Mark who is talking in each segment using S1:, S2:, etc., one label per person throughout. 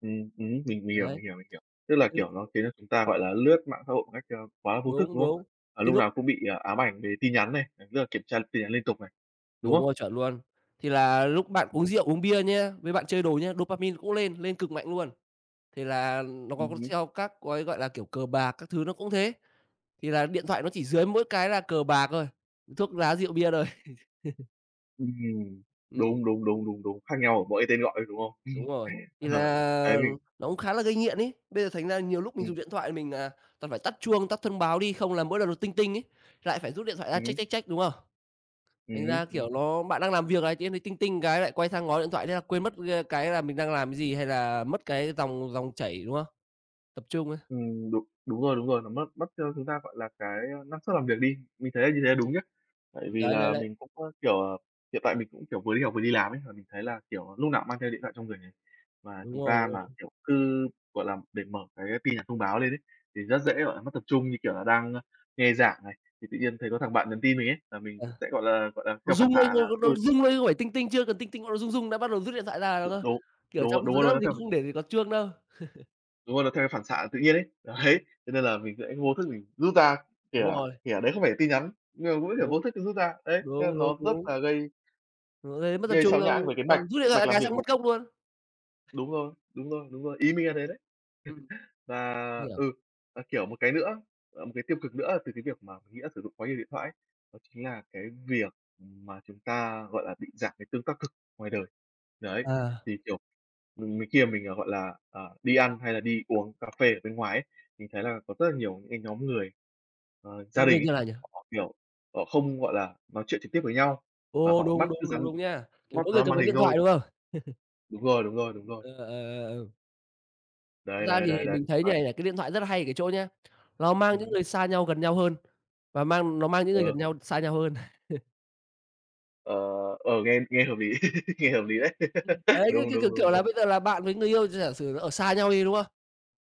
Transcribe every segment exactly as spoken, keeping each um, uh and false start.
S1: Ừm, ừm, mình mình hiểu,
S2: Đấy.
S1: mình hiểu, mình hiểu. Tức là,
S2: Ừm.
S1: kiểu, nó khiến chúng ta, gọi là, lướt mạng xã hội một cách, ơ, quá là vô thức,
S2: Đúng,
S1: đúng không?
S2: đúng.
S1: Và
S2: Cái
S1: lúc
S2: lúc
S1: nào cũng bị, ờ, ám ảnh về tin nhắn này, [unintelligible] rất là kiểm tra tin nhắn liên tục này, đúng
S2: Đúng
S1: không?
S2: rồi, chuẩn luôn. Thì là lúc bạn
S1: Ừm.
S2: uống rượu, uống bia nha, với bạn chơi đồ nhá, dopamine cũng lên, lên cực mạnh luôn. Thì là nó có có
S1: Ừm hứm.
S2: theo các gói, gọi là, kiểu, cờ bạc các thứ nó cũng thế. Thì là điện thoại nó chỉ dưới mỗi cái là cờ bạc thôi, thuốc lá rượu bia thôi.
S1: Ưm, ừm.
S2: Ừm.
S1: Đúng, đúng, đúng, đúng, đúng. Khác nhau ở mỗi cái tên gọi, ơ, đúng không?
S2: Đúng rồi. Thì
S1: Ờ. Đấy,
S2: là
S1: mình
S2: nó cũng khá là gây nghiện ấy. Bây giờ thành ra nhiều lúc mình
S1: Ừm.
S2: dùng điện thoại mình, à, toàn phải tắt chuông, tắt thông báo đi, không là mỗi lần nó ting ting ấy, lại phải rút điện thoại ra
S1: Ừm
S2: check,
S1: hứm.
S2: check, check, đúng không?
S1: Ừm
S2: Thành
S1: hứm,
S2: ra,
S1: ừm.
S2: kiểu, nó bạn đang làm việc này, tự nhiên thấy ting ting cái lại quay sang ngó điện thoại, thế là quên mất, ơ, cái là mình đang làm cái gì hay là mất cái dòng dòng chảy, đúng không? Tập trung ấy.
S1: Ừm, đúng. Đúng rồi, đúng rồi, nó mất mất cho chúng ta, gọi là, cái năng suất làm việc đi. Mình thấy là như thế đúng nhá. Tại vì
S2: Đấy, đấy,
S1: là
S2: đấy.
S1: mình cũng, ơ, kiểu, ờ hiện tại mình cũng, kiểu, vừa đi học vừa đi làm ấy, và mình thấy là, kiểu, núc nào mang theo điện thoại trong người này, và
S2: Đúng
S1: chúng
S2: rồi,
S1: ta
S2: đúng
S1: mà,
S2: rồi.
S1: kiểu, cứ, gọi là, để mở cái tin nhắn thông báo lên ấy, thì rất dễ, gọi là, mất tập trung như, kiểu, là đang, ơ, nghe giảng này, thì tự nhiên thấy có thằng bạn nhắn tin mình ấy, là mình
S2: Ờ.
S1: cũng sẽ, gọi là gọi là,
S2: Nó
S1: theo phản
S2: rung lên
S1: xạ là
S2: thôi, đâu
S1: [unintelligible]
S2: rung lên không phải ting ting, chưa cần ting ting nó đã rung rung đã bắt đầu rút điện thoại ra
S1: Đ
S2: rồi cơ,
S1: đúng.
S2: kiểu,
S1: Đúng rồi,
S2: trong rõ
S1: đúng rồi.
S2: ràng
S1: Nó
S2: mình
S1: theo
S2: không để ý có chuông đâu.
S1: Đúng rồi, nó theo cái phản xạ tự nhiên ấy. Đấy,
S2: Ừm.
S1: cho nên là mình sẽ vô thức mình rút ra, kể
S2: Đúng
S1: cả
S2: rồi.
S1: kể cả đấy không phải là tin nhắn, nhưng mà vẫn, kiểu, vô
S2: Đúng.
S1: thức, ừ, rút ra. Đấy, thế là
S2: Đúng, đúng,
S1: nó rất
S2: đúng.
S1: là gây
S2: Nó gây mất tập
S1: gây
S2: trung
S1: sao
S2: xong
S1: nhãng về cái mạch,
S2: xong rút điện
S1: mạch
S2: thoại
S1: làm
S2: cái
S1: việc
S2: xong
S1: đúng
S2: mất gốc luôn.
S1: Đúng rồi. Đúng rồi, đúng rồi. Ý mình là thế đấy.
S2: Ừm.
S1: Và,
S2: Hiểu.
S1: ừ, và, kiểu, một cái nữa, ờ, một cái tiêu cực nữa từ cái việc mà mình nghĩ là sử dụng quá nhiều điện thoại ấy, đó chính là cái việc mà chúng ta, gọi là, bị giảm cái tương tác thực ngoài đời. Đấy,
S2: Ờ.
S1: thì, kiểu, ừm, mình khi mình, gọi là, ờ, đi ăn hay là đi uống cà phê ở bên ngoài ấy, thì thấy là có rất là nhiều những cái nhóm người, ờ, gia đình
S2: [unintelligible]
S1: ấy,
S2: như nào nhỉ?
S1: họ, kiểu, ờ, không, gọi là, nói chuyện trực tiếp với nhau mà
S2: Ồ,
S1: họ
S2: đúng,
S1: mắt cứ
S2: đúng, đúng,
S1: dán
S2: đúng nha! Kiểu,
S1: mắt dán
S2: mỗi người
S1: vào cái
S2: cầm
S1: màn
S2: cái
S1: hình
S2: điện
S1: thôi.
S2: thoại, đúng không?
S1: Đúng rồi, đúng rồi, đúng rồi.
S2: Ờ, ờ, ờ, ờm. Thật
S1: Đấy,
S2: ra
S1: đấy,
S2: thì
S1: đấy, đấy.
S2: mình thấy như
S1: Hoặc
S2: này này, cái điện thoại rất là hay ở cái chỗ nhá, nó mang những
S1: Ừm.
S2: người xa nhau gần nhau hơn, và mang nó mang những
S1: Ờ.
S2: người gần nhau xa nhau hơn.
S1: Ờ, ờ, nghe nghe hợp lý. Nghe hợp lý đấy.
S2: Ấy, cứ
S1: Đúng,
S2: cứ kiểu
S1: đúng, đúng,
S2: kiểu, là
S1: đúng.
S2: bây giờ là bạn với người yêu, gi giả sử ở xa nhau đi, đúng không?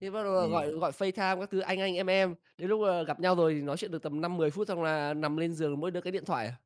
S2: Thế bắt đầu là gọi
S1: Ừm.
S2: gọi FaceTime các thứ anh anh, em em, đến lúc là gặp nhau rồi thì nói chuyện được tầm năm, mười phút xong là nằm lên giường mỗi đứa cái điện thoại à.